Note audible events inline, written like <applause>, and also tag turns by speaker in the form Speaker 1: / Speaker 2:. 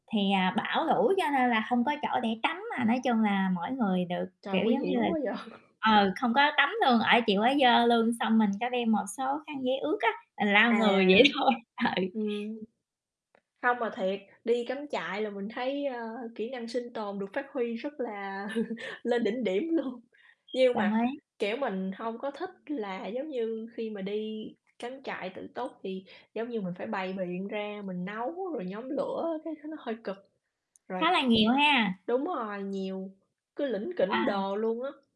Speaker 1: Thì, à, bão lũ cho nên là hông có chỗ để tắm, à, nói chung là mỗi người được, kiểu
Speaker 2: Trời, nguy
Speaker 1: giống như là
Speaker 2: hiểm quá vậy.
Speaker 1: ờ, không có tắm luôn, ở chịu ở dơ luôn. Xong mình có đem một số khăn giấy ướt á, mình lau người vậy
Speaker 2: À,
Speaker 1: thôi.
Speaker 2: ừm.
Speaker 1: Ừ.
Speaker 2: Không mà thiệt, đi cắm trại là mình thấy, ơ, kỹ năng sinh tồn được phát huy rất là <laughs> lên đỉnh điểm luôn. Nhưng
Speaker 1: Đồng
Speaker 2: mà,
Speaker 1: ý.
Speaker 2: kiểu, mình hông có thích là giống như khi mà đi cắm trại tự túc thì giống như mình phải bày biện ra mình nấu rồi nhóm lửa, cái nó hơi cực. Rồi
Speaker 1: Khá là nhiều ha.
Speaker 2: đúng rồi, nhiều, cứ lỉnh kỉnh
Speaker 1: À.
Speaker 2: đồ luôn á.